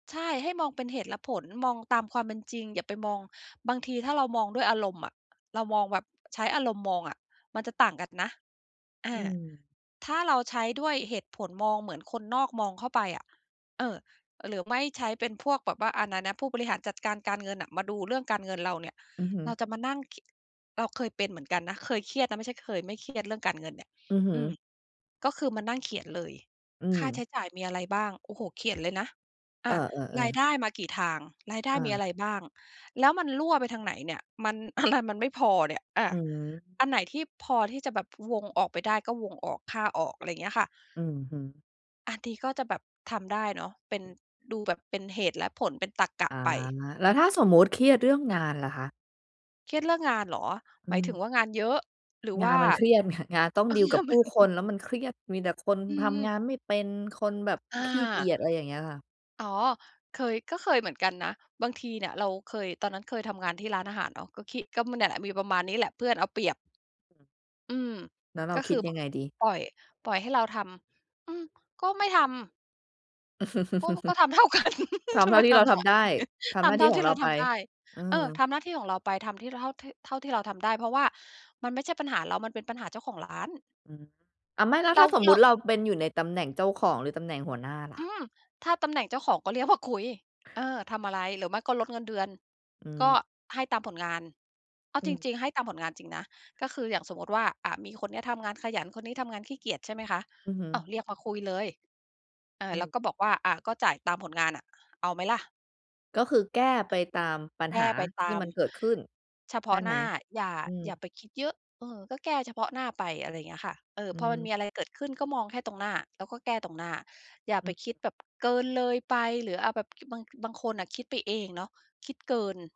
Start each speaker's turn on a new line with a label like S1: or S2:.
S1: ใช่ ให้มองเป็นเหตุและผล มองตามความเป็นจริง อย่าไปมอง บางทีถ้าเรามองด้วยอารมณ์อะ เรามองแบบใช้อารมณ์มองอะมันจะต่างกันนะ อ
S2: อื
S1: า
S2: ม
S1: ถ้าเราใช้ด้วยเหตุผลมองเหมือนคนนอกมองเข้าไปอะ เออ หรือไม่ ใช้เป็นพวกแบบว่าอันนั้นนะ ผู้บริหารจัดการการเงินอะ มาดูเรื่องการเงินเราเนี่ย
S2: อือฮึ
S1: เราจะมานั่ง คิ เราเคยเป็นเหมือนกันนะ เคยเครียดนะไม่ใช่เคยไม่เครียดเรื่องการเงินเนี่ย
S2: อือฮึ
S1: อืม ก็คือมานั่งเขียนเลย
S2: อื
S1: ค่าใช
S2: ม
S1: ้จ่ายมีอะไรบ้าง โอ้โฮ เขียนเลยนะ อ
S2: เอ
S1: ่า รา
S2: อ
S1: ย
S2: ๆ ๆ
S1: ได้มากี่ทาง รายได้
S2: อ
S1: มีอะไ
S2: า
S1: รบ้าง แล้วมันรั่วไปทางไหนเนี่ย มัน อะไร มันไม่พอเนี่ย อา
S2: อืม
S1: อันไหนที่พอที่จะแบบวงออกไปได้ ก็วงออก ฆ่าออก อะไรเงี้ยค่ะ
S2: อือฮึ
S1: อันนี้ก็จะแบบทำได้เนาะ เป็น ดูแบบเป็นเหตุและผล เป็นตรรกะ
S2: อา
S1: ไป
S2: แล้วถ้าสมมุติเครียดเรื่องงานล่ะคะ?
S1: เครียดเรื่องงานเหรอ?
S2: อื
S1: หมายถ
S2: ม
S1: ึงว่า งานเยอะ หรือ
S2: ง
S1: ว
S2: า
S1: ่
S2: น
S1: า
S2: มันเครียดค่ะ งานต้องดีลกับผ
S1: ม
S2: ู
S1: ั
S2: ้
S1: น
S2: คนแล้วมันเครียด มีแต่คน
S1: อื
S2: ทำง
S1: ม
S2: านไม่เป็น คนแบบ
S1: อ
S2: ขี้เกี
S1: า
S2: ยจ อะไรอย่างเงี้ยค่ะ
S1: อ๋อ เคย ก็เคยเหมือนกันนะ บางทีเนี่ยเราเคย ตอนนั้นเคยทำงานที่ร้านอาหารเนาะ ก็คิ ก็ ม เนี่ย มีประมาณนี้แหละ เพื่อนเอาเปรียบ อืม
S2: แล้วเรา
S1: ก็
S2: ค
S1: ค
S2: ิ
S1: ื
S2: ด
S1: อแ
S2: ย
S1: บ
S2: ั
S1: บ
S2: งไงดี?
S1: ปล่อย ปล่อยให้เราทำ อืม ก็ไม่ทำ ก็ ก็ ทำเท่ากัน
S2: ท
S1: จะ
S2: ำเท่
S1: ไป
S2: าที่
S1: ท
S2: เรา
S1: ำท
S2: ท
S1: ำไม
S2: ำได้ ทำหน
S1: ท
S2: ้า
S1: ำเ
S2: ท
S1: ท
S2: ี
S1: ่
S2: ่
S1: า
S2: ข
S1: ท
S2: อ
S1: ี
S2: ง
S1: ่
S2: เ
S1: เ
S2: ร
S1: ร
S2: า
S1: าท
S2: ไป
S1: ำได้
S2: อื
S1: เออ ท
S2: อ
S1: ำหน้าที่ของเราไป ทำที่ เท่า เท่าที่เราทำได้ เพราะว่ามันไม่ใช่ปัญหาเรา มันเป็นปัญหาเจ้าของร้าน
S2: อืม อ่า ไม่ แล้ว
S1: เ
S2: ถ
S1: ร
S2: ้
S1: า
S2: าสมม
S1: เ
S2: ุ
S1: ร
S2: ติ
S1: า
S2: เราเป็นอยู่ในตำแหน่งเจ้าของ หรือตำแหน่งหัวหน้าล่
S1: อ
S2: ะ?
S1: ืม ถ้าตำแหน่งเจ้าของก็เรียก มา คุย เออ ทำอะไร หรือไม่ก็ลดเงินเดือน
S2: อื
S1: ก็
S2: ม
S1: ให้ตามผลงาน เอา
S2: อื
S1: จ
S2: ม
S1: ริง ๆ ให้ตามผลงานจริงนะ ก็คืออย่างสมมุติว่า อ่า มีคนเนี้ยทำงานขยัน คนนี้ทำงานขี้เกียจ ใช่ไหมคะ
S2: อือฮึ
S1: อ้าว เรียกมาคุยเลย เอ
S2: อ
S1: อ
S2: ื
S1: แล้ว
S2: ม
S1: ก็บอกว่า "อ่า ก็จ่ายตามผลงานอะ เอาไหมล่ะ?"
S2: ก็คือแก้ไปตามปัญ
S1: แก
S2: หา
S1: ้ไป
S2: ท
S1: ต
S2: ี่
S1: าม
S2: มันเกิดขึ้น
S1: เฉพ
S2: ใช
S1: า
S2: ่
S1: ะ
S2: ไ
S1: ห
S2: ห
S1: น
S2: ม?
S1: ้า อย่า
S2: อืม
S1: อย่าไปคิดเยอะ เออ ก็แก้เฉพาะหน้าไป อะไรเงี้ยค่ะ เอ่อ
S2: อื
S1: พอมัน
S2: ม
S1: มีอะไรเกิดขึ้น ก็มองแค่ตรงหน้า แล้วก็แก้ตรงหน้า อย่า
S2: อ
S1: ไ
S2: ื
S1: ป
S2: ม
S1: คิดแบบเกินเลยไป หรือเอาแบบ ค บาง บางคนอะคิดไปเองเนาะ คิดเกิน